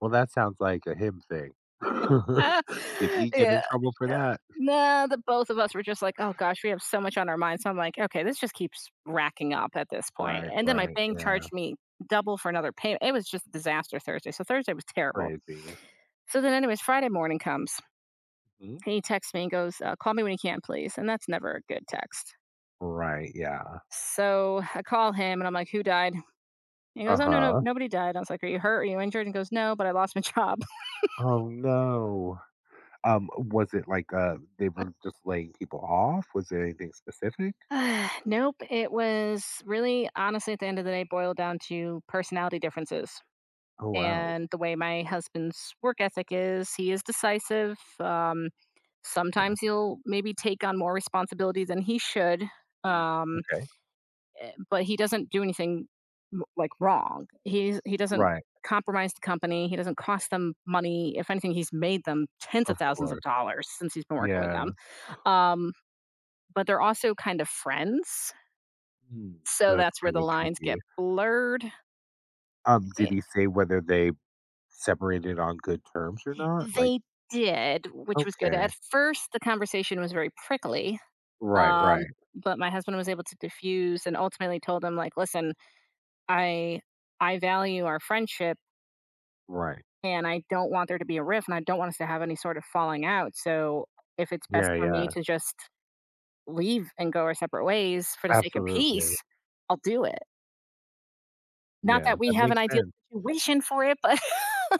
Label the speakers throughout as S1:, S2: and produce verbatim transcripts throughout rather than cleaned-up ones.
S1: Well, that sounds like a him thing.
S2: Uh
S1: Did he get
S2: Yeah
S1: in trouble for
S2: yeah
S1: that?
S2: nah, the both of us were just like, "Oh gosh, we have so much on our mind." So I'm like, "Okay, this just keeps racking up at this point."
S1: Right.
S2: And then my
S1: Right.
S2: bank charged
S1: Yeah.
S2: me double for another payme It was just disaster Thursday. So Thursday was terrible.
S1: Crazy.
S2: So then anyways, Friday morning comes
S1: Mm.
S2: and he texts me and goes, "Uh, call me when you can please." And that's never a good text.
S1: Right. Yeah.
S2: So I call him and I'm like, "Who died?" He goes, "Oh, no, no,
S1: Uh-huh.
S2: nobody died." I was like, "Are you hurt? Are you injured?" And he goes, "No, but I lost my job."
S1: Oh, no. Um, was it like, uh, they were just laying people off? Was there anything specific?
S2: Nope, it was really honestly, at the end of the day, boiled down to personality differences.
S1: Oh, wow.
S2: And the way my husband's work ethic is, he is decisive. Um,
S1: 'Kay.
S2: sometimes he'll maybe take on more responsibility than he should,
S1: Mm,
S2: um,
S1: okay.
S2: e but he doesn't do anything m like wrong. He is he doesn't
S1: Right.
S2: compromise the company, he doesn't cost them money, if anything, he's made them tens
S1: Of
S2: of thousands of
S1: course.
S2: dollars since he's been working with
S1: Yeah.
S2: them. Um, but they're also kind of friends,
S1: Mm. So
S2: so
S1: that's
S2: that's where the
S1: kinda
S2: lines get
S1: tricky.
S2: blurred.
S1: Um, did
S2: E
S1: he say whether they separated on good terms or not? Like
S2: They did, which was good. At
S1: Okay.
S2: first, the conversation was very prickly,
S1: Right.
S2: um,
S1: Right.
S2: but my husband was able to diffuse and ultimately told him like, "Listen, I I value our friendship"
S1: Right.
S2: and I don't want there to be a rift, and I don't want us to have any sort of falling out. So if it's best
S1: Yeah.
S2: for me
S1: Yeah.
S2: to just leave and go our separate ways for the sake of
S1: Absolutely.
S2: peace, I'll do it. Not
S1: Yeah.
S2: that we
S1: That
S2: have an
S1: makes
S2: ideal
S1: sense.
S2: situation for it, but.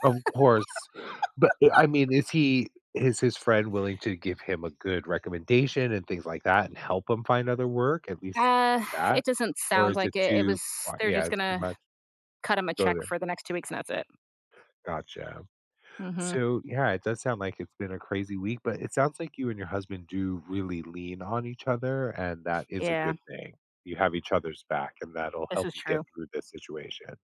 S1: Of course. But, e I mean, is he is his friend willing to give him a good recommendation and things like that and help him find other work, at least
S2: Uh,
S1: that?
S2: it doesn't
S1: Or
S2: sound
S1: is it
S2: like it. It
S1: too
S2: was
S1: qu
S2: they're
S1: yeah.
S2: just
S1: It's too
S2: gonna
S1: much.
S2: cut them a
S1: Go
S2: check
S1: there.
S2: for the next two weeks and that's it.
S1: Gotcha.
S2: Mhm.
S1: So, yeah, it does sound like it's been a crazy week, but it sounds like you and your husband do really lean on each other, and that is a
S2: Yeah.
S1: good thing. You have each other's back, and that'll
S2: This
S1: help
S2: is
S1: you get
S2: true.
S1: through this situation.